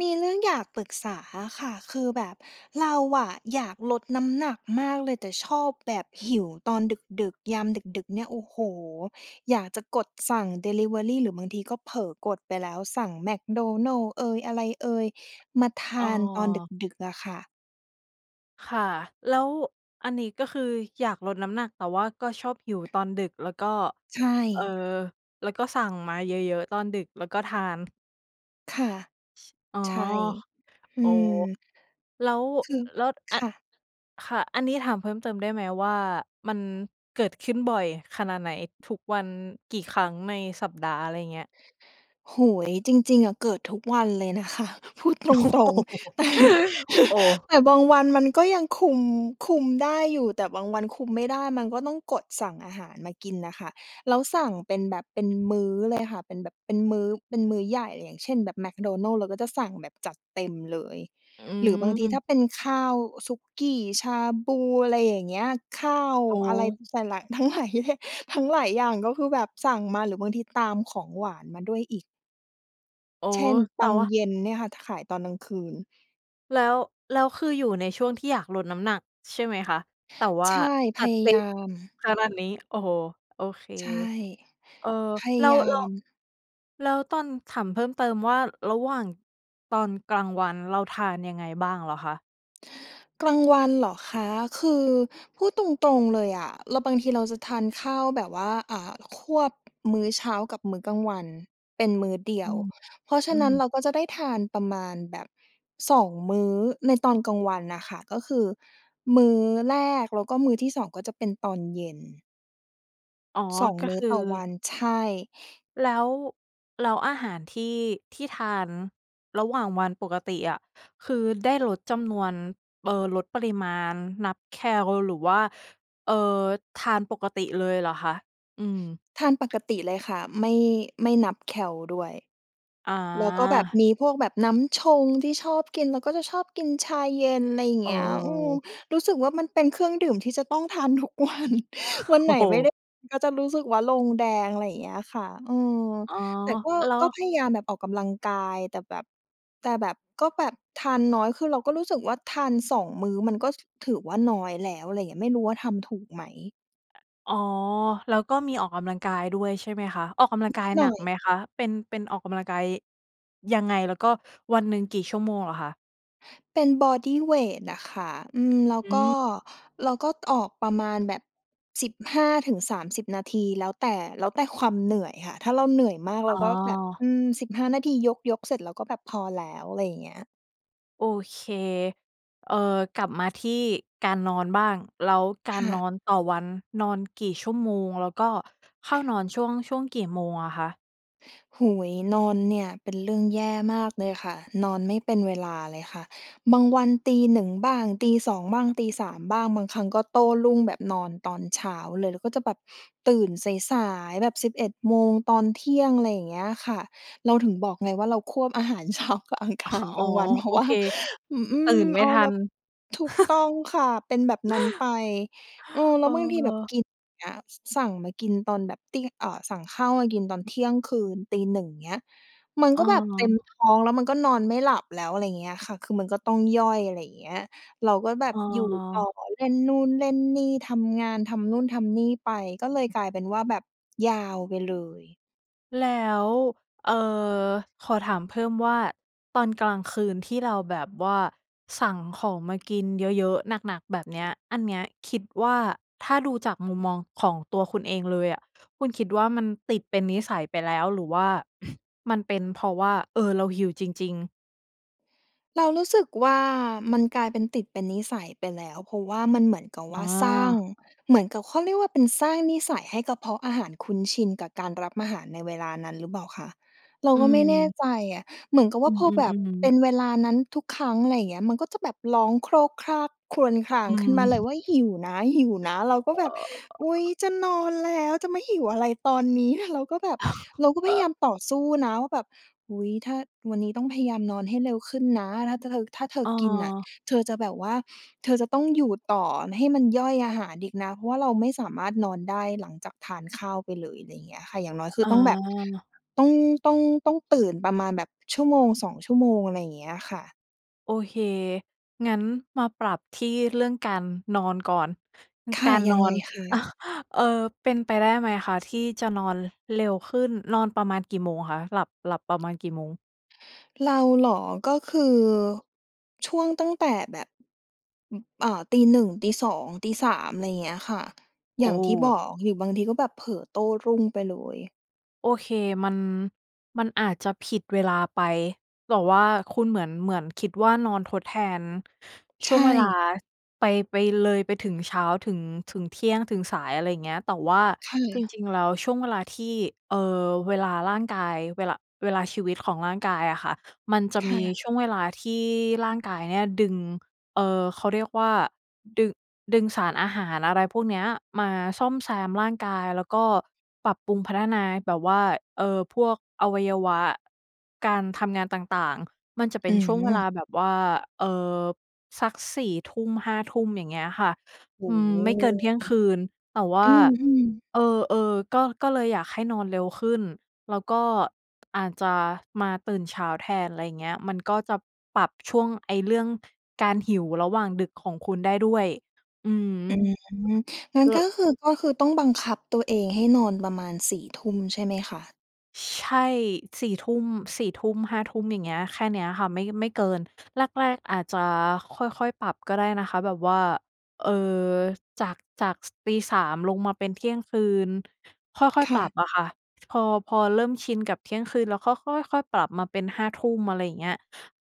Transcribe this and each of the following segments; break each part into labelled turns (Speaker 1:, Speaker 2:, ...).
Speaker 1: มีเรื่องอยากปรึกษาอะค่ะ คือแบบเราอะอยากลดน้ำหนักมากเลย แต่ชอบแบบหิวตอนดึก ๆ ยามดึก ๆ เนี่ย โอ้โฮ! อยากจะกดสั่งดิลิเวอรี หรือบางทีก็เผลอกดไปแล้ว สั่งแมคโดนัลด์เอย อะไรเอย มาท
Speaker 2: อ้อ
Speaker 1: านตอนดึก ๆ อะค่ะ
Speaker 2: ค่ะ แล้วอันนี้ ก็คืออยากลดน้ำหนัก แต่ว่าก็ชอบหิวตอนดึก แล้วก็
Speaker 1: ใช
Speaker 2: เอ่อ
Speaker 1: ่
Speaker 2: แล้วก็สั่งมาเยอะ ๆ ตอนดึกแล้วก็ทาน?
Speaker 1: ค่ะ
Speaker 2: อ๋อ
Speaker 1: ใช่ อื
Speaker 2: โอ้
Speaker 1: ม
Speaker 2: แล้ว
Speaker 1: คือ
Speaker 2: แล้วอ
Speaker 1: ค
Speaker 2: ะ
Speaker 1: ่ะ
Speaker 2: ค่ะ อันนี้ถามเพิ่มเติมได้ไหมว่า มันเกิดขึ้นบ่อยขนาดไหน ทุกวัน กี่ครั้งในสัปดาห์ อะไรอย่างเงี้ย?
Speaker 1: โอ้โฮ จริง ๆ อะเกิดทุกวันเลยนะคะ พูด
Speaker 2: โอ้
Speaker 1: ตรง
Speaker 2: โ
Speaker 1: ๆ แต่
Speaker 2: ฮ โอ้!
Speaker 1: แต่บางวันมันก็ยังคุม คุมได้อยู่ แต่บางวันคุมไม่ได้ มันก็ต้องกดสั่งอาหารมากินน่ะค่ะ แล้วสั่งเป็นแบบเป็นมื้อ เลยค่ะ เป็นแบบเป็นมื้อ เป็นมื้อใหญ่ อย่างเช่น แบบแมคโดนัลด์เราก็จะสั่งแบบจัดเต็มเลย
Speaker 2: อื
Speaker 1: หรือบางทีถ
Speaker 2: ม
Speaker 1: ้าเป็นข้าว สุกี้ ชาบู อะไรอย่างเงี้ย ข้าว
Speaker 2: โอ
Speaker 1: อะไร
Speaker 2: ้
Speaker 1: หลาย ๆ ทั้งหลายเยอะแยะ ทั้งหลายอย่าง ก็คือแบบสั่งมา หรือบางทีตามของหวานมาด้วยอีก
Speaker 2: อ๋อ
Speaker 1: เช่น ป
Speaker 2: แต่
Speaker 1: ัง
Speaker 2: ว่า
Speaker 1: เย็นเนี่ยค่ะ ถ ขายตอนกลางคืน
Speaker 2: แล้ว แล้วคืออยู่ในช่วงที่อยากลดน้ำหนักใช่ไหมคะ? แต่ว่
Speaker 1: ใ
Speaker 2: า
Speaker 1: ช่ พ
Speaker 2: จัด
Speaker 1: ยา
Speaker 2: เต็
Speaker 1: ยา
Speaker 2: ม
Speaker 1: ม
Speaker 2: ขนาดนี้ โอ้โฮ! โอเค
Speaker 1: ใช่
Speaker 2: เออ
Speaker 1: พยา
Speaker 2: แล้ว
Speaker 1: ยา
Speaker 2: แล้ว
Speaker 1: ม
Speaker 2: แล้วตอน ถามเพิ่มเติมว่า ระหว่างตอนกลางวันเราทานยังไงบ้างเหรอคะ?
Speaker 1: กลาง วันเหรอคะ? คือพูดตรง ๆ เลยอะ เรา บางทีเราจะทานข้าวแบบว่า อ่า ควบมื้อเช้ากับมื้อกลางวันเป็นมื้อเดี
Speaker 2: อ
Speaker 1: ย
Speaker 2: ื
Speaker 1: ว
Speaker 2: ม
Speaker 1: เพราะฉ
Speaker 2: อ
Speaker 1: ะ
Speaker 2: ื
Speaker 1: นั้นเ
Speaker 2: ม
Speaker 1: ราก็จะได้ทานประมาณแบบ 2 มื้อในตอนกลางวันน่ะค่ะ ก็คือมื้อแรกแล้วก็มื้อที่ 2 ก็จะเป็นตอนเย็น
Speaker 2: อ๋อ
Speaker 1: 2
Speaker 2: ก็
Speaker 1: มื้
Speaker 2: ค
Speaker 1: อ
Speaker 2: ือ
Speaker 1: ต่อวัน ใช่
Speaker 2: แล้ว แล้วอาหารที่ ที่ทานระหว่างวันปกติอะ คือได้ลดจำนวน เอ่อ ลดปริมาณ นับแคล หรือว่า เอ่อ ทานปกติเลยเหรอคะ? อืม
Speaker 1: ทานปกติเลยค่ะ ไม่ ไม่นับแคลด้วย
Speaker 2: อ๋
Speaker 1: แล้วก็แบบ
Speaker 2: อ
Speaker 1: มีพวกแบบน้ำชงที่ชอบกิน แล้วก็จะชอบกินชาเย็น ไรเ
Speaker 2: เ
Speaker 1: งี้ย อืม
Speaker 2: ออ
Speaker 1: รู้สึกว่า มันเป็นเครื่องดื่มที่จะต้องทาน ทุกวัน วัน
Speaker 2: โอ
Speaker 1: ไห
Speaker 2: ้
Speaker 1: น
Speaker 2: โ
Speaker 1: ไม่ได
Speaker 2: ฮ
Speaker 1: ้ ก็จะรู้สึกว่าลงแดง ไรอย่างเงี้ยค่ะ เออ
Speaker 2: อ๋อ
Speaker 1: แต่ก็
Speaker 2: แล้
Speaker 1: ก็
Speaker 2: ว
Speaker 1: พยายามแบบออกกำลังกาย แต่แบบ แต่แบบ ก็แบบทานน้อย คือเราก็รู้สึกว่า ทาน 2 มื้อมันก็ ถ ถือว่าน้อยแล้ว อะไรเงี้ย ไม่รู้ว่าทำถูกไหม?
Speaker 2: อ อ๋อ แล้วก็มีออกกำลังกายด้วยใช่ไหมคะ ออกกำลัง
Speaker 1: น
Speaker 2: ก
Speaker 1: ิ
Speaker 2: า
Speaker 1: ด
Speaker 2: ย
Speaker 1: หน
Speaker 2: หนั
Speaker 1: ่อ
Speaker 2: ก
Speaker 1: ย
Speaker 2: ไหมคะ? เป็น เป็นออกกำลังกาย ยังไง แล้วก็วันหนึ่งกี่ชั่วโมงเหรอคะ?
Speaker 1: เป็นบอดีเวตอะค่ะ อืม แล้ว
Speaker 2: อ
Speaker 1: ก็
Speaker 2: ืม
Speaker 1: เราก็ออกประมาณแบบ 15-30 นาที แล้วแต่ แล้วแต่ความเหนื่อยค่ะ ถ้าเราเหนื่อยมาก
Speaker 2: อ
Speaker 1: เรา
Speaker 2: ๋
Speaker 1: ก็แบบ อ
Speaker 2: อ
Speaker 1: ืม 15 นาที ยก ยกเสร็จแล้ว ก็แบบพอแล้ว อะไรอย่างเงี้ย
Speaker 2: โอเค เอ่อ กลับมาที่การนอนบ้าง แล้วกา
Speaker 1: ค
Speaker 2: ร
Speaker 1: ่
Speaker 2: นอ
Speaker 1: ะ
Speaker 2: นต่อวัน นอนกี่ชั่วโมง แล้วก็เข้านอน ช่วง ช่วงกี่โมงอะคะ?
Speaker 1: โอ้โฮ นอนเนี่ยเป็นเรื่องแย่มากเลยค่ะ นอนไม่เป็นเวลาเลยค่ะ บางวัน 01:00 บ้าง 02:00 บ้าง 03:00 บ้าง บางครั้งก็โต้รุ่งแบบนอนตอนเช้าเลย แล้วก็จะแบบตื่นสาย ๆ แบบ 11 โมง ตอนเที่ยง อะไรอย่างเงี้ยค่ะ เราถึงบอกไงว่า เราควบอาหารเช้ากับอังคาร
Speaker 2: อ๋
Speaker 1: ก
Speaker 2: อ
Speaker 1: ลางวัน เพร
Speaker 2: โ
Speaker 1: า
Speaker 2: อ
Speaker 1: ะว่า
Speaker 2: เค
Speaker 1: แบบ อือฮึ
Speaker 2: ตื่นไม
Speaker 1: เ
Speaker 2: ่
Speaker 1: อา
Speaker 2: ทั
Speaker 1: แบ
Speaker 2: น
Speaker 1: บ ถูกต้องค่ะ เป็นแบบนั้นไป เออ แล
Speaker 2: เ
Speaker 1: ้วบางทีแบบ
Speaker 2: ออ
Speaker 1: กิน อย่างเงี้ย สั่งมากินตอนแบบตี เอ่อ สั่งข้าวมากินตอนเที่ยงคืน 01:00 เงี้ย มัน
Speaker 2: เ
Speaker 1: ก็แบบเต็ม
Speaker 2: ออ
Speaker 1: ท้องแล้ว มันก็นอนไม่หลับแล้ว อะไรเงี้ยค่ะ คือมันก็ต้องย่อย อะไรอย่างเงี้ย เราก็แบบอยู่ต่อ
Speaker 2: ออ
Speaker 1: เล่นนู่น เล่นนี่ ทำงาน ทำนู่น ทำนี่ไป ก็เลยกลายเป็นว่าแบบยาวไปเลย
Speaker 2: แล้ว เอ่อ ขอถามเพิ่มว่า ตอนกลางคืนที่เราแบบว่า สั่งของมากินเยอะ ๆ หนัก ๆ แบบเนี้ย อันเนี้ยคิดว่า ถ้าดูจากมุมมองของตัวคุณเองเลยอะ คุณคิดว่า มันติดเป็นนิสัยไปแล้ว หรือว่า มันเป็นเพราะว่า เออ เราหิวจริง ๆ?
Speaker 1: เรารู้สึกว่า มันกลายเป็นติดเป็นนิสัยไปแล้ว เพราะว่ามันเหมือนกับ
Speaker 2: อ
Speaker 1: ว
Speaker 2: ้
Speaker 1: ่
Speaker 2: อ
Speaker 1: าสร้าง เหมือนกับ เขาเรียกว่า เป็นสร้างนิสัยให้กระเพาะอาหารคุ้นชินกับการรับอาหารในเวลานั้นหรือเปล่าคะ? เรา
Speaker 2: อื
Speaker 1: ก็ไม่แน่
Speaker 2: ม
Speaker 1: ใจอะ เหมือนกับ
Speaker 2: อ
Speaker 1: ว่
Speaker 2: ื
Speaker 1: าพอแบบ
Speaker 2: ม
Speaker 1: เป็
Speaker 2: ๆ ๆ
Speaker 1: นเวลานั้นทุกครั้ง อะไรอย่างเงี้ย มันก็จะแบบร้องโครกครกครวญครา
Speaker 2: อ
Speaker 1: ง
Speaker 2: ื
Speaker 1: ขึ้นม
Speaker 2: ม
Speaker 1: าเลยว่า "หิวนะ หิวนะ" เราก็แบบ อุ๊ย จะนอนแล้วจะมาหิวอะไรตอนนี้? เราก็แบบ เราก็พยายามต่อสู้นะว่าแบบ อุ๊ย ถ้า วันนี้ต้องพยายามนอนให้เร็วขึ้นนะ ถ้า จ เธอ ถ้าเธ
Speaker 2: เ
Speaker 1: อกินน่ะ
Speaker 2: ออ
Speaker 1: เธอจะแบบว่า เธอจะต้องอยู่ต่อให้มันย่อยอาหารอีกนะ เพราะว่าเราไม่สามารถนอนได้หลังจากทานข้าวไปเลย ไรเงี้ยค่ะ อย่างน้อยคื
Speaker 2: อ๋
Speaker 1: อ
Speaker 2: อ
Speaker 1: ต้องแบบ ต้อง ต้อง ต้องตื่นประมาณแบบ 1-2 ชั่วโมง อะไรอย่างเงี้ยค่ะ
Speaker 2: โอเค งั้นมาปรับที่เรื่องการนอนก่อน
Speaker 1: ค
Speaker 2: ก
Speaker 1: ่ะ
Speaker 2: าร
Speaker 1: ย
Speaker 2: น
Speaker 1: ัง
Speaker 2: อ
Speaker 1: ไง
Speaker 2: น
Speaker 1: คะ?
Speaker 2: เอ่อ เป็นไปได้ไหมคะ? ที่จะนอน ร เร็วขึ้น นอนประมาณกี่โมงคะ? หลับ หลับประมาณกี่โมง?
Speaker 1: เราเหรอ? ก็คือ ช่วงตั้งแต่แบบ อึบ อ่า 01:00 02:00 03:00 ไรเงี้ยค่ะ
Speaker 2: โอ
Speaker 1: อย่างที่บ
Speaker 2: ้!
Speaker 1: อก หรือบางทีก็แบบเผลอโต้รุ่งไปเลย
Speaker 2: โอเค มัน มันอาจจะผิดเวลาไป แต่ว่าคุณเหมือน เหมือนคิดว่า นอนทดแทน
Speaker 1: ใ
Speaker 2: ช
Speaker 1: ช
Speaker 2: ่วงเวลา
Speaker 1: ่
Speaker 2: ไป ไปเลยไปถึงเช้า ถึง ถึงเที่ยง ถึงสาย อะไรเงี้ย แต่ว่า
Speaker 1: ค่
Speaker 2: จร
Speaker 1: ะ
Speaker 2: ิง ๆ แล้ว ช่วงเวลาที่ เอ่อ เวลาร่างกาย เวหละ เวลาชีวิตของร่างกายอะค่ะ มันจะ
Speaker 1: ค
Speaker 2: ม
Speaker 1: ่
Speaker 2: ี
Speaker 1: ะ
Speaker 2: ช่วงเวลาที่ร่างกายเนี่ยดึง เอ่อ เขาเรียกว่า ดึ ดึงสารอาหาร อะไรพวกเนี้ย มาซ่อมแซมร่างกาย แล้วก็ปรับปรุงพัฒนาแบบว่า เอ่อ พวกอวัยวะ การทำงานต่าง ๆ มันจะเป็
Speaker 1: อื
Speaker 2: นช่วงเวลา
Speaker 1: ม
Speaker 2: แบบว่า เอ่อ สัก 4 ทุ่ม 5 ทุ่ม อย่างเงี้ยค่ะ
Speaker 1: โอ
Speaker 2: อ
Speaker 1: ้
Speaker 2: ืม
Speaker 1: โฮ!
Speaker 2: ไม่เกินเที่ยงคืน แต่ว่
Speaker 1: อึ
Speaker 2: า
Speaker 1: บ อืม ๆ
Speaker 2: เออ ๆ ก็ ก็เลยอยากให้นอนเร็วขึ้น แล้วก็อาจจะมาตื่นเช้าแทน อะไรเงี้ย มันก็จะปรับช่วงไอ้เรื่อง การหิวระหว่างดึกของคุณได้ด้วย อืม
Speaker 1: อืม งั้น
Speaker 2: ล
Speaker 1: ก็คือ ก็คือต้องบังคับตัวเองให้นอนประมาณ 4 ทุ่มใช่ไหมคะ?
Speaker 2: ช ใช่ 4 ทุ่ม 4 ทุ่ม 5 ทุ่ม อย่างเงี้ย แค่เนี้บค่ะ ไม่ ไม่เกิน แรก ๆ อาจจะค่อย ๆ ปรับก็ได้นะคะ แบบว่า เอ่อ จาก จาก ส ตี 3 ลงมาเป็นเที่ยงคืน ค่อย
Speaker 1: ค
Speaker 2: ๆ ป
Speaker 1: ่
Speaker 2: ร
Speaker 1: ะ
Speaker 2: ับอะค่ะ พอ พอเริ่มชินกับเที่ยงคืนแล้ว ก็ ค ค่อย ๆ ปรับมาเป็น 5 ทุ่ม อะไรอย่างเงี้ย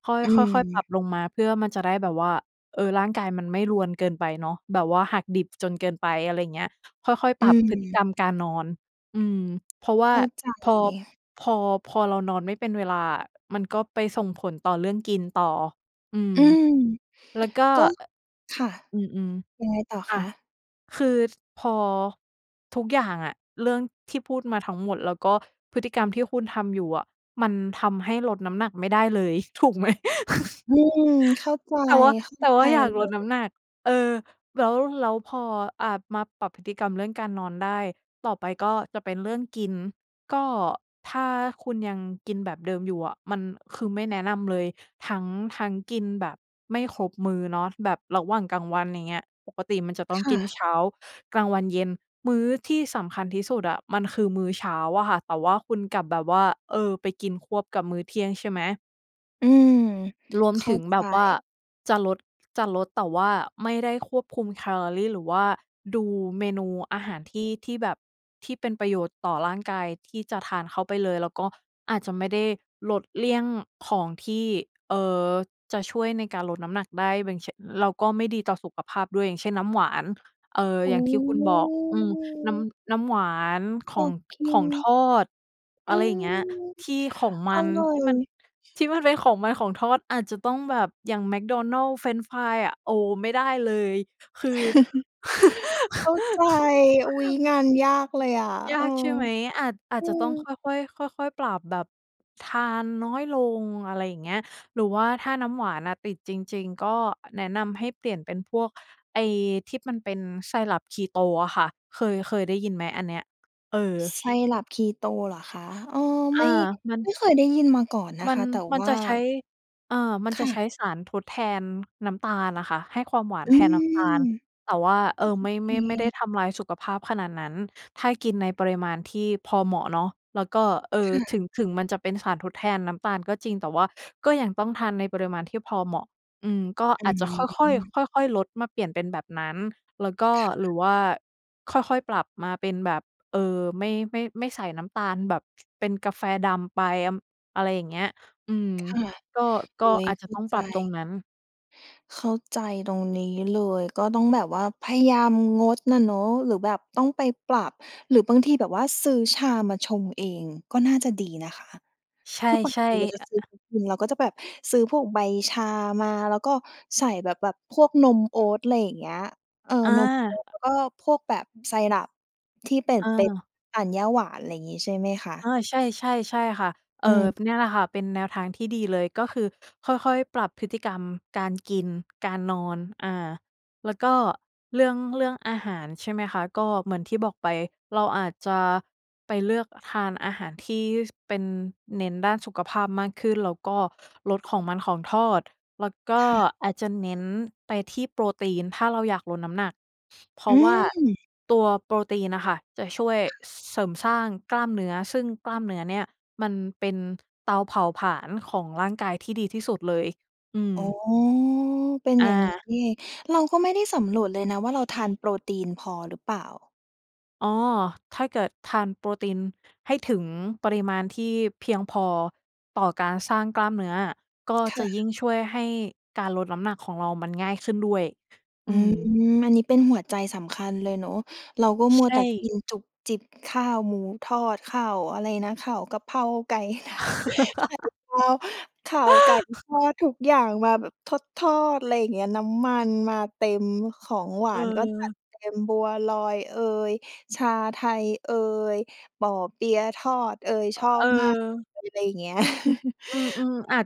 Speaker 2: ค่อย
Speaker 1: อื
Speaker 2: ค่อย ๆ ปรั
Speaker 1: ม
Speaker 2: บลงมาเพื่อมันจะได้แบบว่า เออ ร่างกายมันไม่รวนเกินไปเนาะ แบบว่าหักดิบจนเกินไป อะไรอย่างเงี้ย ค่อย ๆ
Speaker 1: อ
Speaker 2: ป
Speaker 1: ื
Speaker 2: รับพฤติก
Speaker 1: ม
Speaker 2: รรมการนอน อืม เพราะว่า
Speaker 1: เข้าใจ
Speaker 2: พอ
Speaker 1: เลย
Speaker 2: พอ พอเรานอนไม่เป็นเวลาอะ มันก็ไปส่งผลต่อเรื่องกินต่อ อืม
Speaker 1: อืม
Speaker 2: แล้วก็
Speaker 1: ก็ ค่ะ
Speaker 2: อ อือ
Speaker 1: ยังไงต่อ
Speaker 2: ๆ อ
Speaker 1: ค
Speaker 2: ะ
Speaker 1: ะ?
Speaker 2: คือ ซ พอทุกอย่างอะ เรื่องที่พูดมาทั้งหมด แล้วก็พฤติกรรมที่คุณทำอยู่อะ มันทำให้ลดน้ำหนักไม่ได้เลย ถูกไหม?
Speaker 1: อืม เข้าใจ
Speaker 2: แต่ว่า
Speaker 1: เข้า
Speaker 2: แต่
Speaker 1: ใ
Speaker 2: ว
Speaker 1: จ
Speaker 2: ่าอยาก
Speaker 1: เล
Speaker 2: ลดน้
Speaker 1: ย
Speaker 2: ำหนัก เออ แล้ว แล้วพอ อะ มาปรับพฤติกรรมเรื่องการนอนได้ ต่อไปก็จะเป็นเรื่องกิน ก็ ถ้าคุณยังกินแบบเดิมอยู่อะมัน คือไม่แนะนำเลย ทั้ง ทั้งกินแบบไม่ครบมื้อเนาะ แบบระหว่างกลางวัน อย่างเงี้ย ปกติมันจะต้อ
Speaker 1: ค
Speaker 2: ง
Speaker 1: ่
Speaker 2: กิน
Speaker 1: ะ
Speaker 2: เช้า กลางวัน เย็น มื้อที่สำคัญที่สุดอะ มันคือมื้อเช้าอะค่ะ แต่ว่าคุณกลับแบบว่า เออ ไปกินควบกับมื้อเที่ยงใช่ไหม?
Speaker 1: อืม
Speaker 2: รวม
Speaker 1: เข
Speaker 2: ถ
Speaker 1: ้า
Speaker 2: ึง
Speaker 1: ใ
Speaker 2: แ
Speaker 1: จ
Speaker 2: บบว่าจะลด จะลด แต่ว่าไม่ได้ควบคุมแคลอรี หรือว่าดูเมนูอาหารที่ ที่แบบที่เป็นประโยชน์ต่อร่างกายที่จะทานเข้าไปเลย แล้วก็อาจจะไม่ได้ลดเลี่ยงของที่ เอ่อ จะช่วยในการลดน้ำหนักได้ [unintelligible] แล้วก็ไม่ดีต่อสุขภาพด้วย อย่างเช่น น้ำหวาน เอ่อ
Speaker 1: โอ
Speaker 2: อย่างที่คุณบอก อืม น้
Speaker 1: ้
Speaker 2: ำ น้ำหวาน ข
Speaker 1: อ
Speaker 2: อง
Speaker 1: ดก
Speaker 2: ข
Speaker 1: ิ
Speaker 2: อ
Speaker 1: น
Speaker 2: งทอด อ
Speaker 1: อื
Speaker 2: ะไรอย่างเงี้ย
Speaker 1: ม
Speaker 2: ที่ของม
Speaker 1: อ
Speaker 2: ัน
Speaker 1: ร่อ
Speaker 2: ที่
Speaker 1: ย
Speaker 2: มัน ที่มันเป็นของมันของทอด อาจจะต้องแบบ อย่างแมคโดนัลด์ เฟรนช์ฟรายอะ โอ้โฮ ไม่ได้เลย คือ
Speaker 1: เข้าใจ อุ๊ย งานยากเลยอะ
Speaker 2: ย
Speaker 1: เอ
Speaker 2: า
Speaker 1: อ
Speaker 2: กใช่ไหม? อาจ อา
Speaker 1: อ
Speaker 2: จ
Speaker 1: ื
Speaker 2: จะต้องค
Speaker 1: ม
Speaker 2: ่อย ๆ ค่อย ๆ ปรับแบบทานน้อยลง อะไรอย่างเงี้ย หรือว่าถ้าน้ำหวานอะติดจริง ๆ ก็แนะนำให้เปลี่ยนเป็นพวกไอที่มันเป็น syrup keto อะค่ะ เคย เคยได้ยินไหมอันเนี้ย? เออ
Speaker 1: Syrup keto เหรอคะ? เออ
Speaker 2: อ
Speaker 1: ไ
Speaker 2: า
Speaker 1: ม่
Speaker 2: มัน
Speaker 1: ไม่เคยได้ยินมาก่อนน
Speaker 2: ม
Speaker 1: ะ
Speaker 2: ั
Speaker 1: ค
Speaker 2: น
Speaker 1: ะ แต่
Speaker 2: มัน
Speaker 1: ว
Speaker 2: จ
Speaker 1: ่
Speaker 2: ะ
Speaker 1: า
Speaker 2: ใช้ เอ่อ มัน
Speaker 1: ค
Speaker 2: จะ
Speaker 1: ่
Speaker 2: ใช้
Speaker 1: ะ
Speaker 2: สารทดแทนน้ำตาลน่ะค่ะ ให้ความหวาน
Speaker 1: อื
Speaker 2: แท
Speaker 1: ม
Speaker 2: นน้
Speaker 1: อื
Speaker 2: ำตาล
Speaker 1: อ
Speaker 2: แต่ว่า เอ่อ ไม
Speaker 1: โ
Speaker 2: ่
Speaker 1: อเ
Speaker 2: ไม่ ไม่ได้
Speaker 1: ค
Speaker 2: ทำลายสุขภาพขนาดนั้น ถ้ากินในปริมาณที่พอเหมาะเนาะ แล้วก็ เอ่
Speaker 1: ค
Speaker 2: อ
Speaker 1: ่
Speaker 2: ถ
Speaker 1: ะ
Speaker 2: ึง ถึงมันจะเป็นสารทดแทนน้ำตาลก็จริง แต่ว่าก็ยังต้องทานในปริมาณที่พอเหมาะ อืม ก็
Speaker 1: อ
Speaker 2: อ
Speaker 1: ื
Speaker 2: าจจะค่อย
Speaker 1: ม
Speaker 2: ๆ ค่อย ๆ ลดมาเปลี่ยนเป็นแบบนั้น แล้วก็
Speaker 1: ค่
Speaker 2: หรื
Speaker 1: ะ
Speaker 2: อว่าค่อย ๆ ปรับมาเป็นแบบ เอ่อ ไม่ ไม่ ไม่ใส่น้ำตาลแบบเป็นกาแฟดำไป [unintelligible] อะไรอย่างเงี้ย อืม
Speaker 1: ค่ะ
Speaker 2: ก็ ก
Speaker 1: โอ
Speaker 2: ็
Speaker 1: ๊ย
Speaker 2: อาจ
Speaker 1: เข
Speaker 2: จะ
Speaker 1: ้า
Speaker 2: ต้อง
Speaker 1: ใ
Speaker 2: ปรับตร
Speaker 1: จ
Speaker 2: งนั้น
Speaker 1: เข้าใจตรงนี้เลย ก็ต้องแบบว่าพยายามงดน่ะเนาะ หรือแบบต้องไปปรับ หรือบางทีแบบว่าซื้อชามาชงเองก็น่าจะดีนะคะ
Speaker 2: ใช
Speaker 1: คือปก
Speaker 2: ่
Speaker 1: ติเราจะ
Speaker 2: ๆ
Speaker 1: ซื้อ
Speaker 2: อ อ
Speaker 1: กิน เราก็จะแบบซื้อพวกใบชามา แล้วก็ใส่แบบ แบบพวกนมโอ๊ต อะไรอย่างเงี้ย เออ
Speaker 2: อ
Speaker 1: นมโอ๊ต แ
Speaker 2: า
Speaker 1: ล้วก็พวกแบบ syrup ที่เป็น
Speaker 2: อ
Speaker 1: เป็น
Speaker 2: า
Speaker 1: อ่านหญ้าหวาน อะไรอย่างงี้ใช่ไหมคะ
Speaker 2: อา ใช่ ๆ ๆ ค่ะ เอ่
Speaker 1: อื
Speaker 2: อ
Speaker 1: ม
Speaker 2: เนี่ยแหละค่ะเป็นแนวทางที่ดีเลย ก็คือค่อย ๆ ปรับพฤติกรรมการกิน การนอน อ่า แล้วก็เรื่อง เรื่องอาหาร ใช่ไหมคะ ก็เหมือนที่บอกไป เราอาจจะไปเลือกทานอาหารที่ ส เป็นเน้นด้านสุขภาพมากขึ้น แล้วก็ ลดของมันของทอด แล้วก็
Speaker 1: ค่ะ
Speaker 2: อาจจะเน้นไปที่โปรตีนถ้าเราอยากลดน้ำหนัก เพรา
Speaker 1: อื
Speaker 2: ะว่า
Speaker 1: ม
Speaker 2: ตัวโปรตีนน่ะค่ะ จะช่วย
Speaker 1: ค่ะ
Speaker 2: ส เสริมสร้างกล้ามเนื้อ ซึ่งกล้ามเนื้อเนี่ยมันเป็นเตาเผาผลาญของร่างกายที่ดีที่สุดเลย อือ
Speaker 1: อ๋อ เป็น
Speaker 2: อ
Speaker 1: อย่างงี้
Speaker 2: า
Speaker 1: นี่เอง เราก็ไม่ได้สำรวจเลยนะว่าเราทานโปรตีนพอหรือเปล่า
Speaker 2: อ๋อ ถ้าเกิดทานโปรตีนให้ถึงปริมาณที่เพียงพอต่อการสร้างกล้ามเนื้ออะ ก็
Speaker 1: ค
Speaker 2: จ
Speaker 1: ่
Speaker 2: ะยิ
Speaker 1: ะ
Speaker 2: ่งช่วยให้การลดน้ำหนักของเรามันง่ายขึ้นด้วย
Speaker 1: อ
Speaker 2: อ
Speaker 1: ื
Speaker 2: ื
Speaker 1: ม
Speaker 2: ม
Speaker 1: อันนี้เป็นหัวใจสำคัญเลยเนาะ เราก็
Speaker 2: ช
Speaker 1: มั
Speaker 2: ใช
Speaker 1: วแต
Speaker 2: ่
Speaker 1: ่กินจุบจิบ ข้าวหมูทอด ข้าว อะไรนะ ข้าวกระเพราไก่ ไข่ดาว ข้าวไก่ทอด ทุกอย่างมาแบบทอด ๆ ไรเงี้ย น้ำมันมาเต็ม ของหวานก็จัด
Speaker 2: เออ
Speaker 1: เต็ม บัวลอยเอย ชาไทยเอย เปาะเปี๊ยะทอดเอย ชอ
Speaker 2: อ เ
Speaker 1: บมาก
Speaker 2: ออ
Speaker 1: เลย ไรเงี้ย
Speaker 2: อืม ๆ อาจ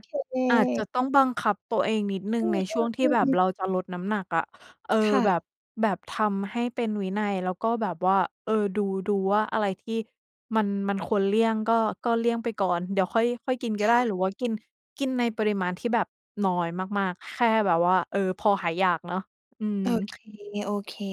Speaker 2: อาจจะต้องบังคับตัวเองนิดหนึ
Speaker 1: อ
Speaker 2: ่ง
Speaker 1: ื
Speaker 2: ใน
Speaker 1: ม
Speaker 2: ช่วงที่แบบ
Speaker 1: ๆ ๆ ๆ
Speaker 2: เราจะลดน้ำหนักอะ เอ่
Speaker 1: ค
Speaker 2: อ
Speaker 1: ่ะ
Speaker 2: แบบ แบบทำให้เป็นวินัย แล้วก็แบบว่า เอ่อ ดู ดูว่าอะไรที่มัน มันควรเลี่ยงก็ ก็เลี่ยงไปก่อน เดี๋ยวค่อย ค่อยกินก็
Speaker 1: ค
Speaker 2: ได
Speaker 1: ่
Speaker 2: ้
Speaker 1: ะ
Speaker 2: หรือว่ากิน กินในปริมาณที่แบบน้อยมาก ๆ แค่แบบว่า เออ พอหายอยากเนาะ อืม
Speaker 1: โอเค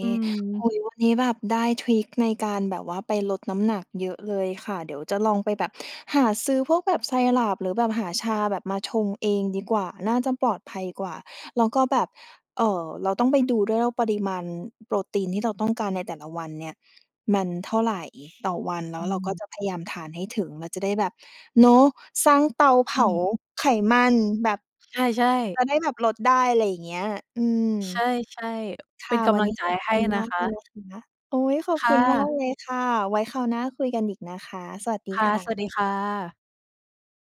Speaker 2: อื
Speaker 1: ๆ โอ
Speaker 2: ม
Speaker 1: ้โฮ! วันนี้แบบได้ทริกในการแบบว่าไปลดน้ำหนักเยอะเลยค่ะ เดี๋ยวจะลองไปแบบหาซื้อพวกแบบ syrup หรือแบบหาชาแบบมาชงเองดีกว่า น่าจะปลอดภัยกว่า แล้วก็แบบ เอ่อ เราต้องไปดูด้วยว่า ปริมาณโปรตีนที่เรา ต้องการในแต่ละวันเนี่ย มันเท่าไรต่อวัน แล้
Speaker 2: อ
Speaker 1: ว
Speaker 2: ื
Speaker 1: เราก็
Speaker 2: ม
Speaker 1: จะพยายามทานให้ถึง มันจะได้แบบ เนาะ สร้างเตาเผ
Speaker 2: อ
Speaker 1: า
Speaker 2: ืม
Speaker 1: ไขมันแบบ
Speaker 2: ใช่ ๆ
Speaker 1: จะได้แบบลดได้ อะไรอย่างเงี้ย อืม
Speaker 2: ใช่
Speaker 1: ค
Speaker 2: ๆ เป
Speaker 1: ่
Speaker 2: ็
Speaker 1: ะ
Speaker 2: นก
Speaker 1: วัน
Speaker 2: ำลั
Speaker 1: น
Speaker 2: ง
Speaker 1: ี้
Speaker 2: ใจ
Speaker 1: ขอบ
Speaker 2: ให
Speaker 1: ค
Speaker 2: ้
Speaker 1: ุณ
Speaker 2: น
Speaker 1: ม
Speaker 2: ะ
Speaker 1: าก
Speaker 2: ค
Speaker 1: เลย
Speaker 2: ะ
Speaker 1: นะคะ โอ๊ย! ขอบ
Speaker 2: ค
Speaker 1: ค
Speaker 2: ่
Speaker 1: ุณ มา
Speaker 2: ะ
Speaker 1: กเลยค่ะ ไว้คราวหน้าคุยกันอีกนะคะ สวัสดี
Speaker 2: ค่ะ
Speaker 1: ค่
Speaker 2: สว
Speaker 1: ะ
Speaker 2: ัสดีค่ะ